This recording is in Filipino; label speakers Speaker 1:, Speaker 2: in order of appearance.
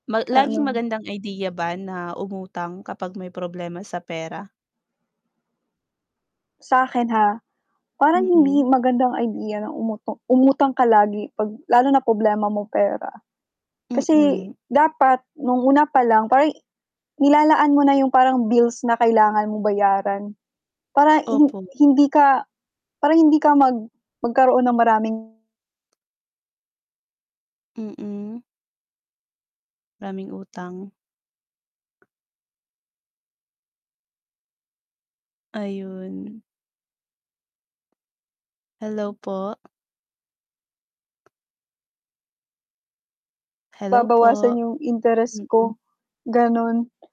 Speaker 1: Ma laging
Speaker 2: Ano
Speaker 1: magandang idea ba na umutang kapag may problema sa pera?
Speaker 2: Sa'kin, ha, parang hindi
Speaker 1: Mm.
Speaker 2: magandang idea na umuto umutang ka lagi 'pag lalo na problema mo pera. Kasi
Speaker 1: Mm.
Speaker 2: dapat no'ng una pa lang, parang i nilalaan mo na 'yong parang bills na kailangan mong bayaran, para hin
Speaker 1: Opo.
Speaker 2: hindi ka para hindi ka mag magkaroon ng maraming
Speaker 1: Mm. Maraming utang. Ayun. Hello po? Hello
Speaker 2: Babawasan
Speaker 1: po?
Speaker 2: 'yong interes ko,
Speaker 1: Mm.
Speaker 2: gano'n.